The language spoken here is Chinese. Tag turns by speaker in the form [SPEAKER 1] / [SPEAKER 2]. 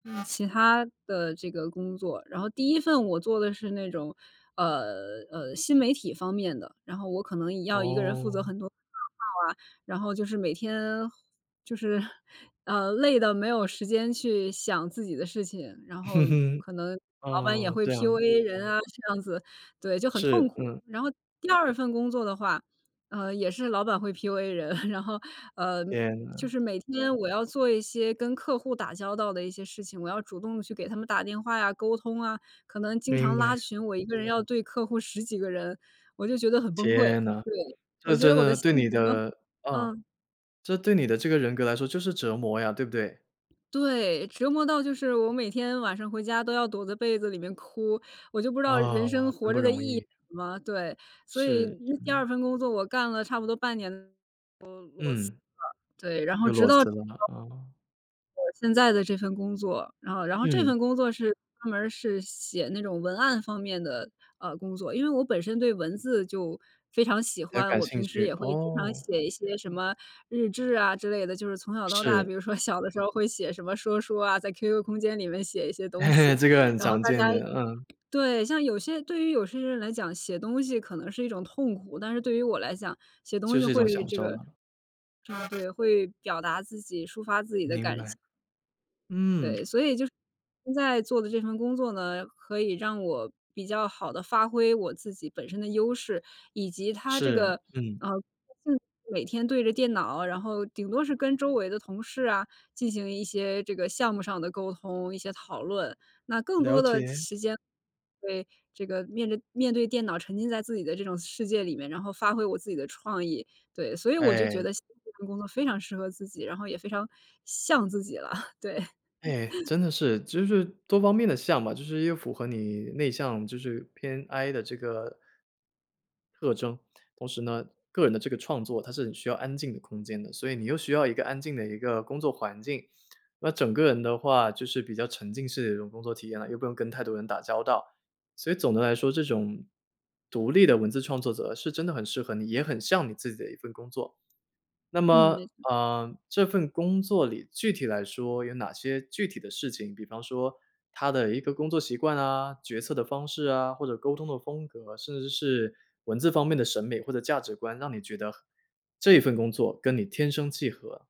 [SPEAKER 1] 嗯，其他的这个工作。然后第1份我做的是那种，呃，呃，新媒体方面的。然后我可能也要一个人负责
[SPEAKER 2] 哦。
[SPEAKER 1] 很多啊 然后就是每天就是，啊，累到没有时间去，想自己的事情。然后，可能老板也
[SPEAKER 2] 哦，
[SPEAKER 1] 会
[SPEAKER 2] 这样。
[SPEAKER 1] PUA 人啊，这样子。对，就很痛
[SPEAKER 2] 是，
[SPEAKER 1] 苦。
[SPEAKER 2] 嗯。
[SPEAKER 1] 然后第2份工作的话，呃，也是老板会 PUA 人，然后，呃，
[SPEAKER 2] 天
[SPEAKER 1] 就
[SPEAKER 2] 呐。
[SPEAKER 1] 是每天我要做一些，跟客户打交道的一些事情。我要主动去给他们打电话呀、沟通啊。可能经
[SPEAKER 2] 明
[SPEAKER 1] 常
[SPEAKER 2] 白。
[SPEAKER 1] 拉群，我一个人要对客户10几个人。我就觉得很崩溃。
[SPEAKER 2] 天呐！
[SPEAKER 1] 对，我
[SPEAKER 2] 这
[SPEAKER 1] 觉
[SPEAKER 2] 真
[SPEAKER 1] 得我的
[SPEAKER 2] 的
[SPEAKER 1] 性
[SPEAKER 2] 对你
[SPEAKER 1] 格
[SPEAKER 2] 的啊，
[SPEAKER 1] 嗯。
[SPEAKER 2] 这对你的这个人格来说，就是折磨呀，对不对？
[SPEAKER 1] 对，折磨到就是我每天晚上回家都要躲在被子里面哭。我就不知道人生，
[SPEAKER 2] 啊，真
[SPEAKER 1] 活
[SPEAKER 2] 不
[SPEAKER 1] 着的
[SPEAKER 2] 容
[SPEAKER 1] 意义是
[SPEAKER 2] 易。
[SPEAKER 1] 什么？对，所以
[SPEAKER 2] 是，
[SPEAKER 1] 那第
[SPEAKER 2] 是。
[SPEAKER 1] 2份工作我干了差不多半年多裸
[SPEAKER 2] 嗯。
[SPEAKER 1] 辞了。对，然后
[SPEAKER 2] 就
[SPEAKER 1] 直
[SPEAKER 2] 裸
[SPEAKER 1] 到
[SPEAKER 2] 辞了，啊。
[SPEAKER 1] 我现在的这份工作。然后然后这
[SPEAKER 2] 嗯。
[SPEAKER 1] 份工作是专门儿是写那种文案方面的，呃，工作。因为我本身对文字就非常喜
[SPEAKER 2] 比较
[SPEAKER 1] 欢。
[SPEAKER 2] 感
[SPEAKER 1] 我
[SPEAKER 2] 兴
[SPEAKER 1] 平时
[SPEAKER 2] 趣，
[SPEAKER 1] 也会经常
[SPEAKER 2] 哦。
[SPEAKER 1] 写一些什么日志啊，之类的。就是从小到大，
[SPEAKER 2] 是。
[SPEAKER 1] 比如说小的时候会写什么说书啊，在 QQ 空间里面写一些东 西。
[SPEAKER 2] 这个很
[SPEAKER 1] 然后
[SPEAKER 2] 常
[SPEAKER 1] 大
[SPEAKER 2] 见
[SPEAKER 1] 家
[SPEAKER 2] 的，嗯。
[SPEAKER 1] 对，像有些对于有些人来讲，写东西可能是一种痛苦，但是对于我来讲，写东
[SPEAKER 2] 就
[SPEAKER 1] 西
[SPEAKER 2] 是一
[SPEAKER 1] 会
[SPEAKER 2] 种享
[SPEAKER 1] 这
[SPEAKER 2] 受
[SPEAKER 1] 个
[SPEAKER 2] 了。
[SPEAKER 1] 啊，对，会表达自己，抒发自己的
[SPEAKER 2] 明
[SPEAKER 1] 感
[SPEAKER 2] 白。
[SPEAKER 1] 情。
[SPEAKER 2] 嗯。
[SPEAKER 1] 对，所以就是，现在做的这份工作呢，可以让我，比较好地发挥我自己本身的优势，以及它这
[SPEAKER 2] 是，
[SPEAKER 1] 个，
[SPEAKER 2] 嗯。
[SPEAKER 1] 呃，每天对着电脑，然后顶多是跟周围的同事啊，进行一些这个项目上的沟通、一些讨论。那更
[SPEAKER 2] 了
[SPEAKER 1] 多的
[SPEAKER 2] 解。
[SPEAKER 1] 时间对，这个面着面对电脑沉浸在自己的这种世界里面，然后发挥我自己的创意，对。所以我就觉
[SPEAKER 2] 哎。
[SPEAKER 1] 得现在这份工作非常适合自己，然后也非常像自己了，对。
[SPEAKER 2] 哎，真的是。其实就是多方面的像吧，就是一个符合你内向，就是偏 I 的这个特征。同时呢，个人的这个创作，它是很需要安静的空间的。所以你又需要一个安静的一个工作环境。那整个人的话，就是比较沉浸式的一种工作体验了，又不用跟太多人打交道。所以总的来说，这种，独立的文字创作者，是真的很适合你，也很像你自己的一份工作。那
[SPEAKER 1] 嗯，
[SPEAKER 2] 么，
[SPEAKER 1] 没错。
[SPEAKER 2] 呃，这份工作里，具体来说，有哪些具体的事情，比方说，它的一个工作习惯啊，决策的方式啊，或者沟通的风格，甚至是，文字方面的审美或者价值观，让你觉得，这一份工作跟你天生契合？